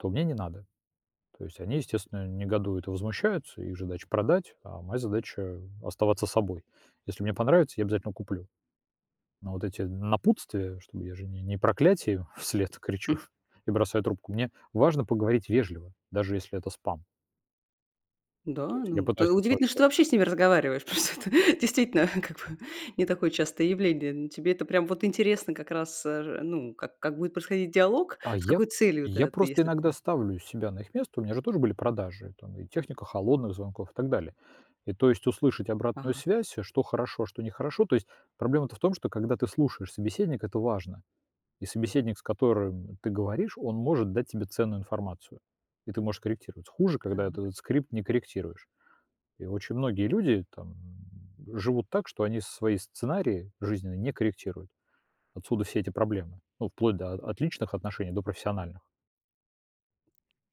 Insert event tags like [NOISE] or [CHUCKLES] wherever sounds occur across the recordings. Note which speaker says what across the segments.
Speaker 1: То мне не надо. То есть они, естественно, негодуют и возмущаются, их же задача продать, а моя задача оставаться собой. Если мне понравится, я обязательно куплю. Но вот эти напутствия, чтобы я же не не проклятие им вслед кричу
Speaker 2: М.
Speaker 1: и бросаю трубку, мне важно поговорить вежливо, даже если это спам.
Speaker 2: Н-да,
Speaker 1: То есть я
Speaker 2: ну,
Speaker 1: пытаюсь
Speaker 2: т удивительно, что
Speaker 1: оставаться
Speaker 2: ты вообще с ними разговариваешь, потому что это, действительно, как бы не такое частое явление. Ну, тебе это прям вот интересно как раз, э, же, ну, как как будет происходить диалог,
Speaker 1: А
Speaker 2: с
Speaker 1: я
Speaker 2: какой целью
Speaker 1: я
Speaker 2: это ты,
Speaker 1: просто
Speaker 2: если
Speaker 1: иногда
Speaker 2: ты
Speaker 1: ставлю себя на их место, у меня же тоже были продажи, там и техника холодных звонков, и так далее. И то есть услышать обратную
Speaker 2: Ага.
Speaker 1: связь, а что хорошо, а что не хорошо. То есть проблема-то в том, что когда ты слушаешь собеседника, это важно, И собеседник, с которым ты говоришь, он может дать тебе ценную информацию, и ты можешь корректировать. Хуже, когда
Speaker 2: Так.
Speaker 1: этот скрипт не корректируешь. И очень многие люди там живут так, что они свои сценарии жизненные не корректируют. Отсюда все эти проблемы, ну, вплоть до от личных отношений до профессиональных.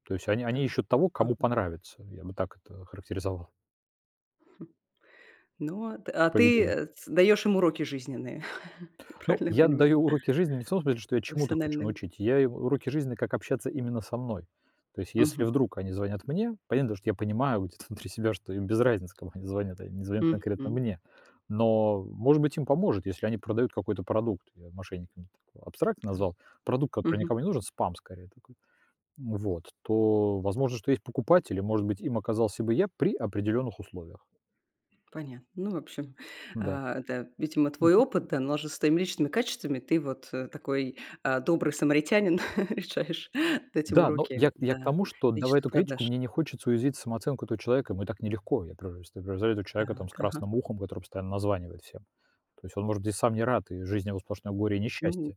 Speaker 1: То есть они
Speaker 2: Да,
Speaker 1: они ищут того, кому
Speaker 2: ага.
Speaker 1: понравится, я бы так это охарактеризовал.
Speaker 2: Хм, ну, а т а ты,
Speaker 1: Поведение.
Speaker 2: э, ц даешь им уроки жизненные, [CHUCKLES] я
Speaker 1: Ну,
Speaker 2: правильно я
Speaker 1: я
Speaker 2: понимаю?
Speaker 1: даю уроки жизни не в том смысле, что я чему-то хочу
Speaker 2: Профессиональные.
Speaker 1: научить, я им уроки жизни, как общаться именно со мной. То есть если
Speaker 2: Мгм.
Speaker 1: вдруг они звонят мне, понятно дело, что я понимаю вот это внутри себя что им без разницы, кому они звонят, а, они не звонят конкретно
Speaker 2: Мгм.
Speaker 1: мне. Но, может быть, им поможет, если они продают какой-то продукт, я мошенниками так абстрактно
Speaker 2: М,
Speaker 1: назвал, продукт, который
Speaker 2: мгм.
Speaker 1: никому не нужен, спам скорее такой. М, вот то, возможно, что есть покупатель, и, может быть, им оказался бы я при определённых условиях.
Speaker 2: Понятно. Ну, в общем,
Speaker 1: Н-да.
Speaker 2: а, это видимо
Speaker 1: Мгм.
Speaker 2: твой опыт, да, но он же с твоими личными качествами, ты вот, э, такой, а, добрый самаритянин [LAUGHS] решаешь дать им
Speaker 1: Да, но я
Speaker 2: уроки,
Speaker 1: я к
Speaker 2: да,
Speaker 1: тому, что, давая
Speaker 2: личных
Speaker 1: эту критику,
Speaker 2: продаж.
Speaker 1: мне не хочется уязвить самооценку этого человека, ему и так нелегко. Я просто превзойду человека там с
Speaker 2: Так, ага.
Speaker 1: красным ухом, который постоянно названивает всем. То есть он, может быть, и сам не рад, и жизнь его сплошное горе и
Speaker 2: Ну,
Speaker 1: несчастье.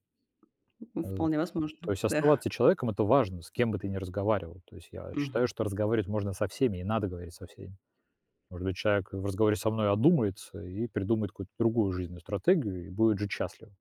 Speaker 2: у м,
Speaker 1: Э,
Speaker 2: вполне возможно,
Speaker 1: то есть
Speaker 2: да.
Speaker 1: оставаться человеком- это важно, с кем бы ты не разговаривал. То есть я
Speaker 2: Мгм.
Speaker 1: считаю, что разговаривать можно со всеми и надо говорить со всеми. Может быть, человек, э, в разговоре со мной одумается и придумает какую-то другую жизненную стратегию и будет жить счастливо.